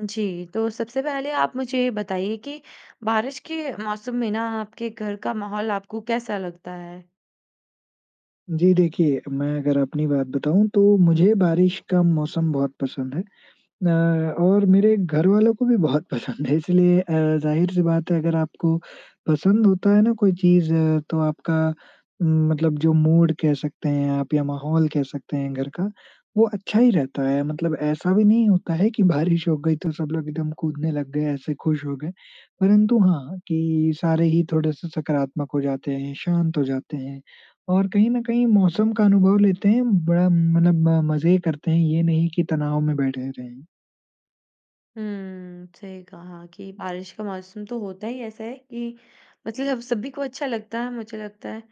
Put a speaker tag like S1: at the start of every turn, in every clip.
S1: जी, तो सबसे पहले आप मुझे ये बताइए कि बारिश के मौसम में ना आपके घर का माहौल आपको कैसा लगता है?
S2: जी देखिए, मैं अगर अपनी बात बताऊँ, तो मुझे बारिश का मौसम बहुत पसंद है। न और मेरे घर वालों को भी बहुत पसंद है इसलिए अ, ज़ाहिर-सी बात है, अगर आपको पसंद होता है ना कोई चीज़, तो आपका मतलब जो मूड कह सकते हैं आप या माहौल कह सकते हैं घर का, वो अच्छा ही रहता है। मतलब ऐसा भी नहीं होता है कि बारिश हो गई तो सब लोग एकदम कूदने लग गए, ऐसे खुश हो गए। परंतु हाँ, कि सारे ही थोड़े से सकारात्मक हो जाते हैं, शांत हो जाते हैं और कहीं ना कहीं मौसम का अनुभव लेते हैं। बड़ा मतलब मज़े करते हैं, ये नहीं कि तनाव में बैठे रहें।
S1: हुँ, सही कहा कि बारिश का मौसम तो होता ही ऐसा है कि मतलब जब सभी को अच्छा लगता है, मुझे लगता है।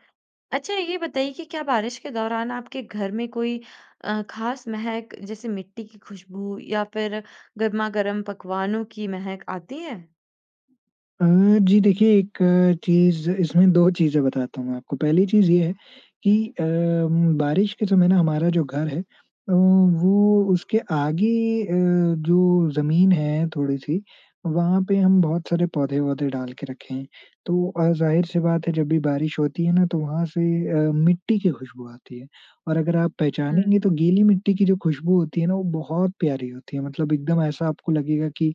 S1: अच्छा, ये बताइए कि क्या बारिश के दौरान आपके घर में कोई अ, खास महक, जैसे मिट्टी की खुशबू या फिर गरमागरम पकवानों की महक आती है?
S2: अ, जी देखिए, एक चीज़ इसमें 2 चीज़ें बताता हूँ मैं आपको। पहली चीज़ ये है कि अ, बारिश के समय ना हमारा जो घर है अ, वो उसके आगे अ, जो ज़मीन है थोड़ी-सी, वहाँ पे हम बहुत सारे पौधे, वौधे डाल के रखे हैं। तो और ज़ाहिर-सी बात है, जब भी बारिश होती है ना, तो वहाँ से अ, मिट्टी की खुशबू आती है और अगर आप
S1: हुँ।
S2: पहचानेंगे तो गीली मिट्टी की जो खुशबू होती है ना, वो बहुत प्यारी होती है मतलब एकदम ऐसा आपको लगेगा कि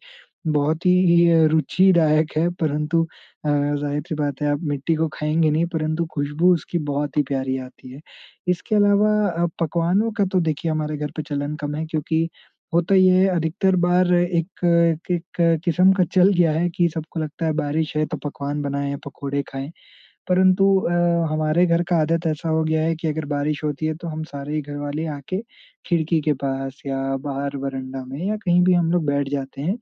S2: बहुत ही ये रुचिदायक है परंतु अ, ज़ाहिर-सी बात है, आप मिट्टी को खाएँगे नहीं, परंतु खुशबू उसकी बहुत ही प्यारी आती है। इसके अलावा अ, पकवानों का तो देखिए, हमारे घर पे चलन कम है क्योंकि होता ये है, अधिकतर बार एक- एक किस्म का चल गया है कि सबको लगता है बारिश है, तो पकवान बनाएँ, पकोड़े खाएँ। परंतु अ, हमारे घर का आदत ऐसा हो गया है कि अगर बारिश होती है, तो हम सारे ही घर वाले आ के खिड़की के पास या बाहर वरांडा में या कहीं भी हम लोग बैठ जाते हैं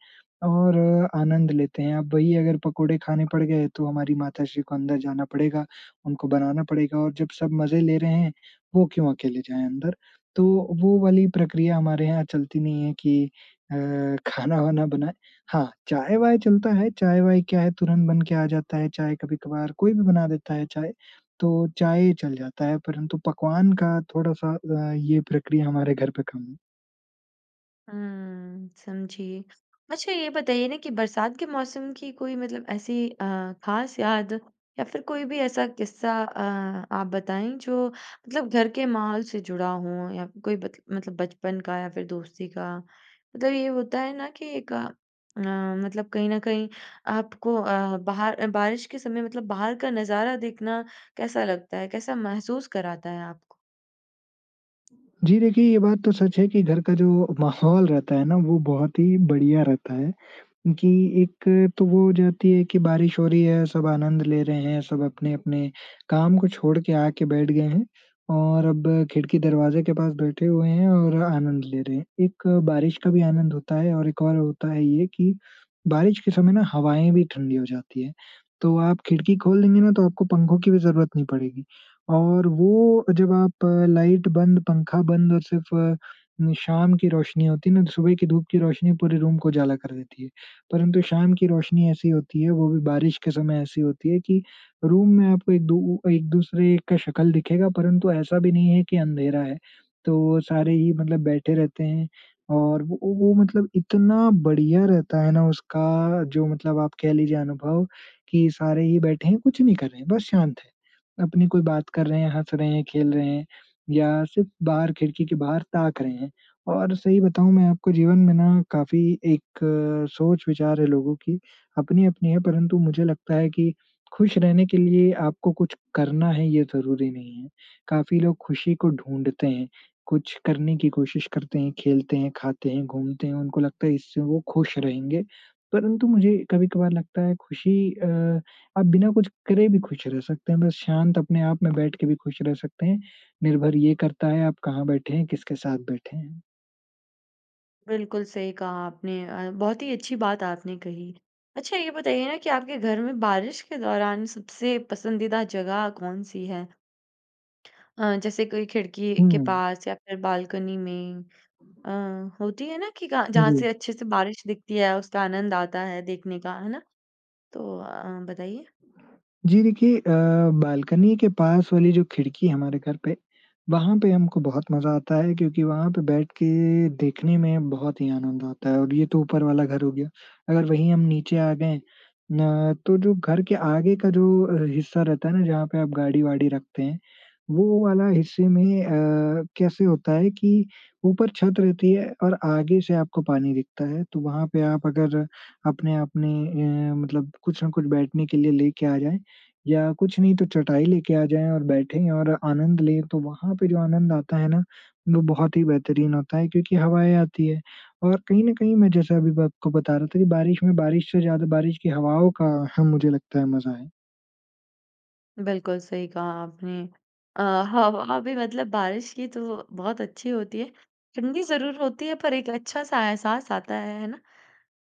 S2: और आनंद लेते हैं। अब वही अगर पकोड़े खाने पड़ गए, तो हमारी माताश्री को अंदर जाना पड़ेगा, उनको बनाना पड़ेगा और जब सब मज़े ले रहे हैं, वो क्यों अकेले जाएँ अंदर? तो वो वाली प्रक्रिया हमारे यहाँ चलती नहीं है कि अ, खाना-वाना बनाए। हाँ! चाय-वाय चलता है। चाय-वाय क्या है, तुरंत बन के आ जाता है, चाय कभी-कभार कोई भी बना देता है चाय। तो चाय चल जाता है, परंतु पकवान का थोड़ा-सा अ, ये प्रक्रिया हमारे घर पे कम
S1: हुँ, समझी। अच्छा, ये बताइए ना कि बरसात के मौसम की कोई मतलब ऐसी अ, ख़ास याद या फिर कोई भी ऐसा किस्सा अ, आप बताएँ, जो मतलब घर के माहौल से जुड़ा हो या कोई बत मतलब बचपन का या फिर दोस्ती का। मतलब ये होता है ना कि एक अ, मतलब कहीं न कहीं आपको अ, बाहर बारिश के समय मतलब बाहर का नज़ारा देखना कैसा लगता है, कैसा महसूस कराता है आपको?
S2: जी, देखिए ये बात तो सच है कि घर का जो माहौल रहता है ना वो बहुत ही बढ़िया रहता है कि एक तो वो हो जाती है कि बारिश हो रही है। सब आनंद ले रहे हैं। सब अपने-अपने काम को छोड़ के आके बैठ गए हैं। और अब खिड़की-दरवाज़े के पास बैठे हुए हैं और आनंद ले रहे हैं। एक बारिश का भी आनंद होता है और एक और होता है ये कि बारिश के समय ना हवाएँ भी ठंडी हो जाती हैं। तो आप खिड़की खोल देंगे ना तो आपको पंखों की भी ज़रूरत नहीं पड़ेगी और वो जब आप लाइट बंद, पंखा बंद और सिर्फ शाम की रोशनी होती है ना तो सुबह की धूप की रोशनी पूरे रूम को उजाला कर देती है। परंतु शाम की रोशनी ऐसी होती है। वो भी बारिश के समय ऐसी होती है कि रूम में आपको एक दू एक-दूसरे का शक्ल दिखेगा परंतु ऐसा भी नहीं है कि अंधेरा है। तो सारे ही मतलब बैठे रहते हैं और वो वो मतलब इतना बढ़िया रहता है ना उसका जो मतलब आप कह लीजिए अनुभव कि सारे ही बैठे हैं। कुछ नहीं कर रहे हैं। बस शांत हैं। अपनी कोई बात कर रहे हैं, हँस रहे हैं, खेल रहे हैं या सिर्फ बाहर खिड़की के बाहर ताक रहे हैं। और सही बताऊँ मैं आपको जीवन में ना काफ़ी एक सोच-विचार है। लोगों की अपनी-अपनी है परंतु मुझे लगता है कि खुश रहने के लिए आपको कुछ करना है ये ज़रूरी नहीं है। काफ़ी लोग खुशी को ढूँढ़ते हैं। कुछ करने की कोशिश करते हैं, खेलते हैं, खाते हैं, घूमते हैं। उनको लगता है इससे वो खुश रहेंगे। परंतु मुझे कभी-कभार लगता है खुशी अ, आप बिना कुछ करे भी खुश रह सकते हैं। बस शांत अपने आप में बैठ के भी खुश रह सकते हैं। निर्भर ये करता है आप कहाँ बैठे हैं, किसके साथ बैठे हैं।
S1: बिल्कुल, सही कहा आपने अ, बहुत ही अच्छी बात आपने कही। अच्छा, ये बताइए ना कि आपके घर में बारिश के दौरान सबसे पसंदीदा जगह कौन-सी है? अ, जैसे कोई खिड़की के
S2: हुँ।
S1: पास या फिर बालकनी नई अ,
S2: [unintelligible]
S1: होती है ना कि का
S2: हुँ,
S1: जहाँ
S2: हुँ।
S1: से अच्छे से बारिश दिखती है, उसका आनंद आता है देखने का, है ना? तो अ, बताइए?
S2: जी देखिए अ, बालकनी के पास वाली जो खिड़की हमारे घर पे वहाँ पे हमको बहुत मज़ा आता है, क्योंकि वहाँ पे बैठ के देखने में बहुत ही आनंद आता है और ये तो ऊपर वाला घर हो गया। अगर वहीं हम नीचे आ गए ना, तो जो घर के आगे का जो हि हिस्सा रहता है ना, जहाँ पे आप गाड़ी-वाड़ी रखते हैं, वो वाला हिस्से में अ, कैसे होता है कि ऊपर छत रहती है और आगे से आपको पानी दिखता है। तो वहाँ पे आप अगर अपने-अपने ए मतलब कुछ न कुछ बैठने के लिए लेके आ जाएँ, या कुछ नहीं तो चटाई लेके आ जाएँ और बैठे और आनंद लें, तो वहाँ पे जो आनंद आता है ना, वो बहुत ही बेहतरीन होता है। क्योंकि हवाएँ आती हैं और कहीं ना कहीं मैं जैसे अभी मैं बक को बता रहा था कि बारिश में, बारिश से ज़्यादा बारिश की हवाओं का हाँ मुझे लगता है मज़ा है।
S1: बिल्कुल सही कहा आपने। अ, ह हाँ वही मतलब बारिश की तो बहुत अच्छी होती है। ठंडी ज़रूर होती है पर एक अच्छा-सा एहसास आता है, है ना?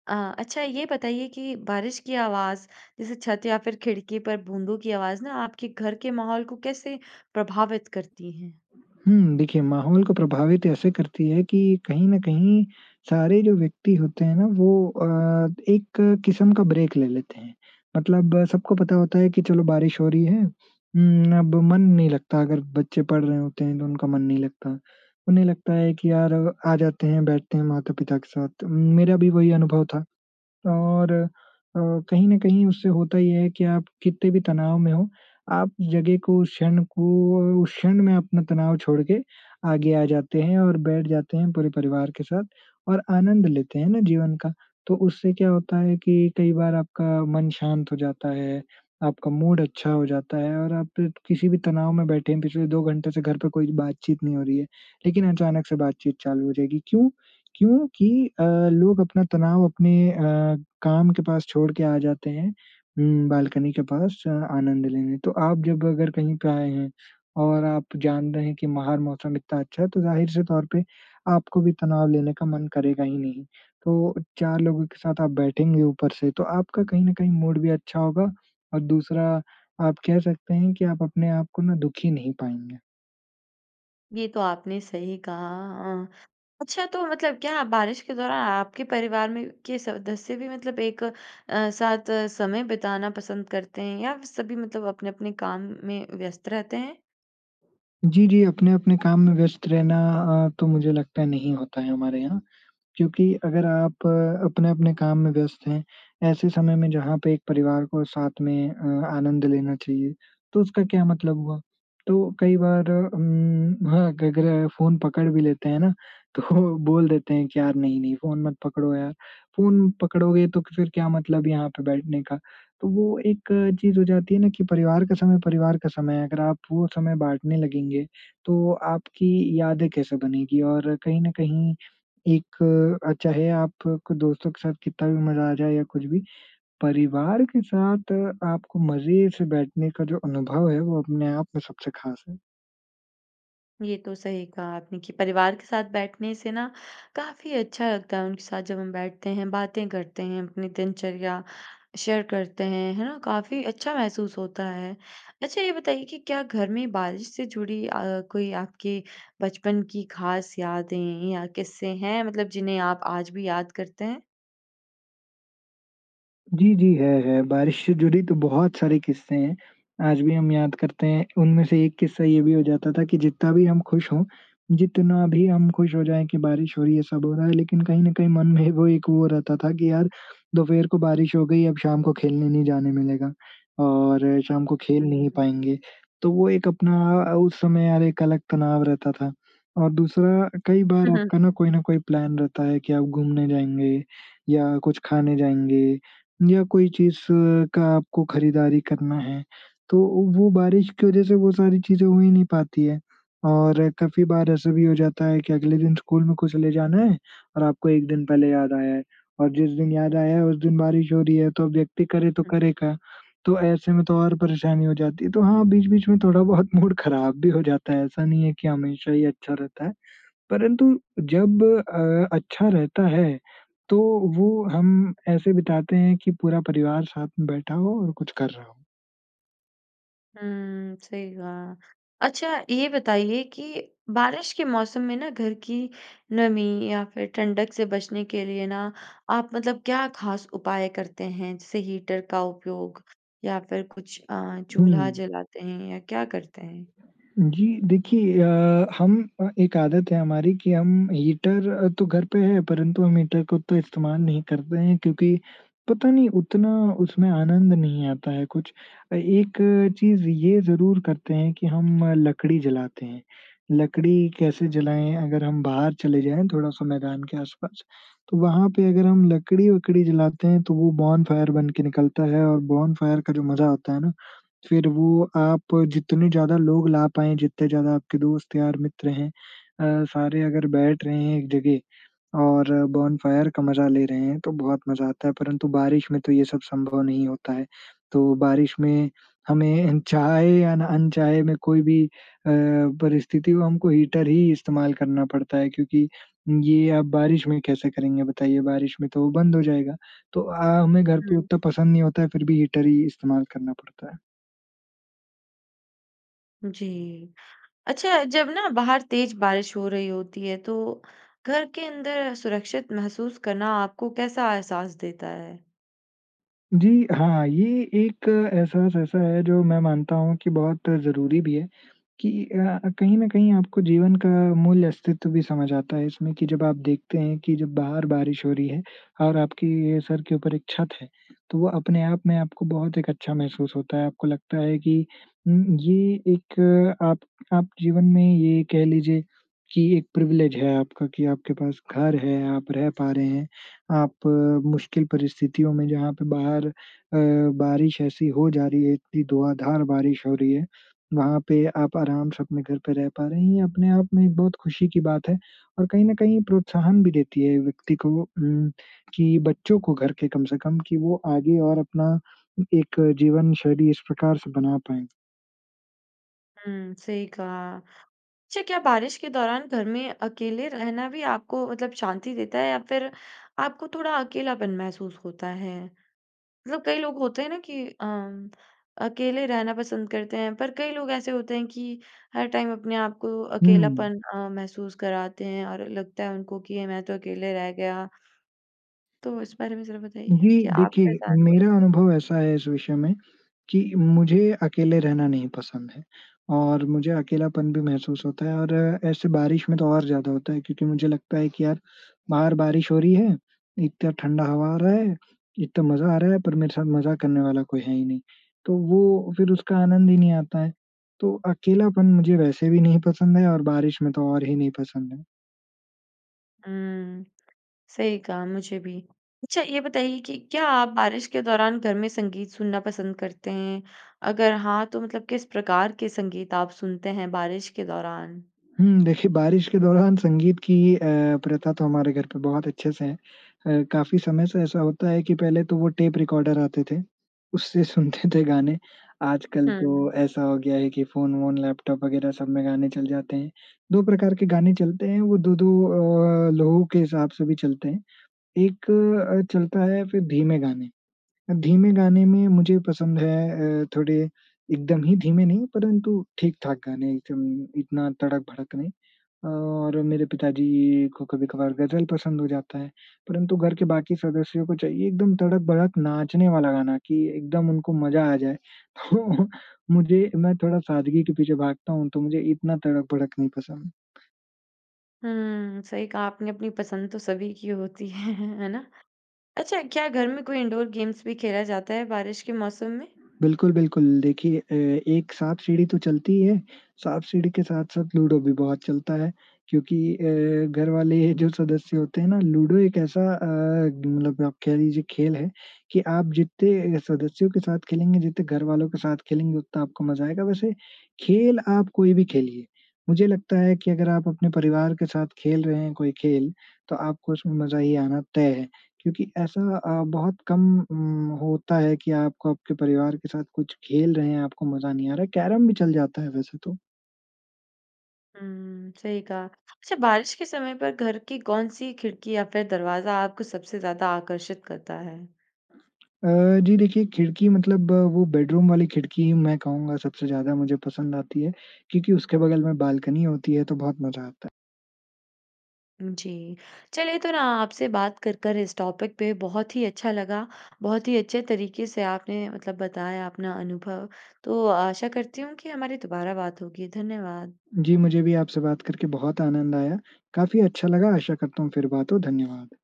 S1: अ, अच्छा ये बताइए कि बारिश की आवाज़ जैसे छत या फ़िर खिड़की पर बूंदों की आवाज़ ना आपके घर के माहौल को कैसे प्रभावित करती है?
S2: हुँ, देखिए माहौल को प्रभावित ऐसे करती है कि कहीं न कहीं सारे जो व्यक्ति होते हैं ना वो अ, एक किस्म का ब्रेक ले लेते हैं। मतलब सबको पता होता है कि चलो बारिश हो रही है। हुँ, अब मन नहीं लगता अगर बच्चे पढ़ रहे होते हैं तो उनका मन नहीं लगता। उन्हें लगता है कि यार आ जाते हैं बैठते हैं माता-पिता के साथ। तो मेरा भी वही अनुभव था। और अ, कहीं न कहीं उससे होता ये है कि आप कितने भी तनाव में हो आप जगह को उस क्षण को उस क्षण में अपना तनाव छोड़ के आगे आ जाते हैं और बैठ जाते हैं पूरे परिवार के साथ और आनंद लेते हैं ना जीवन का। तो उससे क्या होता है कि कई बार आपका मन शांत हो जाता है आपका मूड अच्छा हो जाता है और आप किसी भी तनाव में बैठे हैं पिछले दो घंटे से घर पे कोई बातचीत नहीं हो रही है लेकिन अचानक से बातचीत चालू हो जाएगी, क्यों? क्योंकि अ, लोग अपना तनाव अपने अ, काम के पास छोड़ के आ जाते हैं। हुँ, बालकनी के पास अ, आनंद लेने। तो आप जब अगर कहीं पे आएँ हैं और आप जान रहे हैं कि बाहर मौसम इतना अच्छा है तो ज़ाहिर से तौर पे आपको भी तनाव लेने का मन करेगा ही नहीं। तो चार लोगों के साथ आप बैठेंगे ऊपर से तो आपका कहीं न कहीं मूड भी अच्छा होगा और दूसरा आप कह सकते हैं कि आप अपने आप को ना दुखी नहीं पाएँगे।
S1: ये तो आपने सही कहा, हाँ। अच्छा, तो मतलब क्या बारिश के दौरान आपके परिवार में के सदस्य भी मतलब एक अ, साथ समय बिताना पसंद करते हैं या सभी मतलब अपने-अपने काम में व्यस्त रहते हैं?
S2: जी, जी, अपने-अपने काम में व्यस्त रहना अ, तो मुझे लगता है, नहीं होता है हमारे यहाँ, क्योंकि अगर आप अपने-अपने काम में व्यस्त हैं, ऐसे समय में जहाँ पे एक परिवार को साथ में अ, आनंद लेना चाहिए, तो उसका क्या मतलब हुआ? तो कई बार अम, हाँ [unintelligible] फ़ोन पकड़ भी लेते हैं ना, तो बोल देते हैं कि, "यार नहीं-नहीं, फ़ोन मत पकड़ो यार। फ़ोन पकड़ोगे तो फिर क्या मतलब यहाँ पे बैठने का?" तो वो एक चीज़ हो जाती है ना कि परिवार का समय परिवार का समय है। अगर आप वो समय बाँटने लगेंगे, तो आपकी यादें कैसे बनेंगी? और कहीं ना कहीं एक अ, चाहे आप क दोस्तों के साथ कितना भी मज़ा आ जाए या कुछ भी, परिवार के साथ आपको मज़े से बैठने का जो अनुभव है, वो अपने आप में सबसे ख़ास है।
S1: ये तो सही कहा आपने कि परिवार के साथ बैठने से ना काफ़ी अच्छा लगता है, उनके साथ जब हम बैठते हैं, बातें करते हैं, अपनी दिनचर्या शेयर करते हैं। है ना? काफ़ी अच्छा महसूस होता है। अच्छा, ये बताइए कि क्या घर में बारिश से जुड़ी अ, कोई आपके बचपन की ख़ास यादें या क़िस्से हैं मतलब जिन्हें आप आज भी याद करते हैं?
S2: जी, जी, है, है, बारिश से जुड़ी तो बहुत सारे किस्से हैं। आज भी हम याद करते हैं। उनमें से एक किस्सा ये भी हो जाता था कि जितना भी हम खुश हों, जितना भी हम खुश हो जाएँ कि बारिश हो रही है, सब हो रहा है लेकिन कहीं ना कहीं मन में वो एक वो रहता था कि, "यार, दोपहर को बारिश हो गई, अब शाम को खेलने नहीं जाने मिलेगा। और शाम को
S1: हुँ,
S2: खेल नहीं
S1: हुँ।
S2: पाएँगे।" तो वो एक अपना अ, उस समय अर एक अलग तनाव रहता था। और दूसरा अ, कई बार
S1: हुँ, हुँ।
S2: आपका ना कोई ना कोई प्लान रहता है कि आप घूमने जाएँगे या कुछ खाने जाएँगे या कोई चीज़ का आपको खरीदारी करना है। तो ओ वो बारिश की वजह से वो सारी चीज़ें हो ही नहीं पाती हैं और काफ़ी बार ऐसा भी हो जाता है कि अगले दिन स्कूल में कुछ ले जाना है और आपको एक दिन पहले याद आया है और जिस दिन याद आया है, उस दिन बारिश हो रही है, तो अब व्यक्ति करे तो
S1: हुँ।
S2: करे क्या? तो ऐसे में तो और परेशानी हो जाती है। तो हाँ, बीच-बीच में थोड़ा बहुत मूड खराब भी हो जाता है, ऐसा नहीं है कि हमेशा ही अच्छा रहता है। परंतु जब अ, अच्छा रहता है, तो वो हम ऐसे बिताते हैं कि पूरा परिवार साथ में बैठा हो और कुछ कर रहा हो।
S1: हुँ सही कहा। अच्छा ये बताइए कि बारिश के मौसम में ना घर की नमी या फ़िर ठंडक से बचने के लिए ना आप मतलब क्या ख़ास उपाय करते हैं, जैसे हीटर का उपयोग या फ़िर कुछ अ, चूल्हा
S2: हुँ।
S1: जलाते हैं या क्या करते हैं?
S2: जी देखिए अ, हम अ एक आदत है हमारी कि हम हीटर तो घर पे है परंतु हम हीटर को तो इस्तेमाल नहीं करते हैं क्योंकि पता नहीं उतना उसमें आनंद नहीं आता है कुछ। अ, एक चीज़ ये ज़रूर करते हैं कि हम लकड़ी जलाते हैं, लकड़ी कैसे जलाएँ अगर हम बाहर चले जाएँ थोड़ा-सा मैदान के आस-पास तो वहाँ पे अगर हम लकड़ी-वकड़ी जलाते हैं तो वो बोनफायर बन के निकलता है और बोनफायर का जो मज़ा आता है ना फ़िर वो आप जितने ज़्यादा लोग ला पाएँ जितने ज़्यादा आपके दोस्त यार मित्र हैं अ, सारे अगर बैठ रहे हैं एक जगह और बोनफायर का मज़ा ले रहे हैं तो बहुत मज़ा आता है परंतु बारिश में तो ये सब संभव नहीं होता है। तो बारिश में हमें अनचाहे या ना अनचाहे में कोई भी अ, परिस्थिति हो हमको हीटर ही इस्तेमाल करना पड़ता है क्योंकि ये आप बारिश में कैसे करेंगे बताइए? बारिश में तो वो बंद हो जाएगा। तो अ, हमें घर पे
S1: हुँ।
S2: उतना पसंद नहीं होता है फ़िर भी हीटर ही इस्तेमाल करना पड़ता है।
S1: जी। अच्छा, जब ना बाहर तेज़ बारिश हो रही होती है, तो घर के अंदर सुरक्षित महसूस करना आपको कैसा एहसास देता है?
S2: जी हाँ। ये एक एहसास ऐसा है, जो मैं मानता हूँ कि बहुत ज़रूरी भी है कि अ, कहीं ना कहीं आपको जीवन का मूल्य अस्तित्व भी समझ आता है इसमें कि जब आप देखते हैं कि जब बाहर बारिश हो रही है और आपके सर के ऊपर एक छत है, तो वो अपने-आप में आपको बहुत एक अच्छा महसूस होता है। आपको लगता है कि उम ये एक आप आप जीवन में ये कह लीजिए कि एक प्रिविलेज है आपका कि आपके पास घर है, आप रह पा रहे हैं। आप मुश्किल परिस्थितियों में, जहाँ पे बाहर अ, बारिश ऐसी हो जा रही है, इतनी धुआँधार बारिश हो रही है। वहाँ पे आप आराम से अपने घर पे रह पा रहे हैं। ये अपने-आप में बहुत खुशी की बात है और कहीं ना कहीं प्रोत्साहन भी देती है व्यक्ति को हुँ कि बच्चों को घर के कम से कम कि वो आगे और अपना एक जीवनशैली इस प्रकार से बना पाएँ।
S1: हुँ, सही कहा। अच्छा क्या बारिश के दौरान घर में अकेले रहना भी आपको मतलब शांति देता है या फ़िर आपको थोड़ा अकेलापन महसूस होता है? मतलब कई लोग होते हैं ना कि अ, अकेले रहना पसंद करते हैं पर कई लोग ऐसे होते हैं कि हर टाइम अपने आप को
S2: हुँ।
S1: अकेलापन अ, महसूस कराते हैं और लगता है उनको कि ये मैं तो अकेले रह गया। तो इस बारे में ज़रा बताइए
S2: जी
S1: कि आपका
S2: देखिए
S1: क्या अनुभव
S2: मेरा
S1: है?
S2: अनुभव ऐसा है इस विषय में कि मुझे अकेले रहना नहीं पसंद है और मुझे अकेलापन भी महसूस होता है, और ऐसे बारिश में तो और ज़्यादा होता है। क्योंकि मुझे लगता है कि यार बाहर बारिश हो रही है, इतना ठंडा हवा आ रहा है, इतना मज़ा आ रहा है, पर मेरे साथ मज़ा करने वाला कोई है ही नहीं। तो वो फ़िर उसका आनंद ही नहीं आता है। तो अकेलापन मुझे वैसे भी नहीं पसंद है और बारिश में तो और ही नहीं पसंद है।
S1: हुँ, सही कहा, मुझे भी। अच्छा ये बताइए कि क्या आप बारिश के दौरान घर में संगीत सुनना पसंद करते हैं? अगर हाँ तो मतलब किस प्रकार के संगीत आप सुनते हैं बारिश के दौरान?
S2: हुँ देखिए बारिश के दौरान संगीत की अ, प्रथा तो हमारे घर पे बहुत अच्छे से है। अ, काफ़ी समय से ऐसा होता है कि पहले तो वो टेप रिकॉर्डर आते थे। उससे सुनते थे गाने। आजकल
S1: हुँ।
S2: तो ऐसा हो गया है कि फ़ोन-वोन, लैपटॉप वगैरह सब में गाने चल जाते हैं। दो प्रकार के गाने चलते हैं, वो 2-2 अ, लोगों के हिसाब से भी चलते हैं। एक अ, चलता है फ़िर धीमे गाने। अब धीमे गाने में मुझे पसंद है अ, थोड़े एकदम ही धीमे नहीं परंतु ठीक-ठाक गाने एकदम इतना तड़क-भड़क नहीं। और मेरे पिताजी को कभी-कभार गज़ल पसंद हो जाता है। परंतु घर के बाकी सदस्यों को चाहिए एकदम तड़क-भड़क नाचने वाला गाना कि एकदम उनको मज़ा आ जाए। तो मुझे मैं थोड़ा सादगी के पीछे भागता हूँ तो मुझे इतना तड़क-भड़क नहीं पसंद।
S1: हुँ, सही कहा आपने, अपनी पसंद तो सभी की होती है, है ना? अच्छा, क्या घर में कोई इन्डोर गेम्स भी खेला जाता है बारिश के मौसम में?
S2: बिल्कुल, बिल्कुल, देखिए अ, एक साँप-सीढ़ी तो चलती ही है, साँप-सीढ़ी के साथ-साथ लूडो भी बहुत चलता है क्योंकि अ, घर वाले ये जो सदस्य होते हैं ना लूडो एक ऐसा अ, मतलब आप कह लीजिए खेल है कि आप जितने अ, सदस्यों के साथ खेलेंगे, जितने घर वालों के साथ खेलेंगे, उतना आपको मज़ा आएगा। वैसे, खेल आप कोई भी खेलिए, मुझे लगता है कि अगर आप अपने परिवार के साथ खेल रहे हैं कोई खेल, तो आपको उसमें मज़ा ही आना तय है क्योंकि ऐसा अ, बहुत कम उम, होता है कि आपको आपके परिवार के साथ कुछ खेल रहे हैं, आपको मज़ा नहीं आ रहा है। कैरम भी चल जाता है वैसे तो।
S1: हुँ, सही कहा। अच्छा, बारिश के समय पर घर की कौन-सी खिड़की या फिर दरवाज़ा आपको सबसे ज़्यादा आकर्षित करता है?
S2: अ, जी देखिए, खिड़की मतलब वो बेडरूम वाली खिड़की मैं कहूँगा, सबसे ज़्यादा मुझे पसंद आती है क्योंकि उसके बगल में बालकनी होती है तो बहुत मज़ा आता है।
S1: जी। चलिए, तो ना आपसे बात कर कर इस टॉपिक पे बहुत ही अच्छा लगा। बहुत ही अच्छे तरीके से आपने मतलब बताया अपना अनुभव। तो आशा करती हूँ कि हमारी दोबारा बात होगी। धन्यवाद।
S2: जी, मुझे भी आपसे बात करके बहुत आनंद आया। काफ़ी अच्छा लगा। आशा करता हूँ फिर बात हो। धन्यवाद।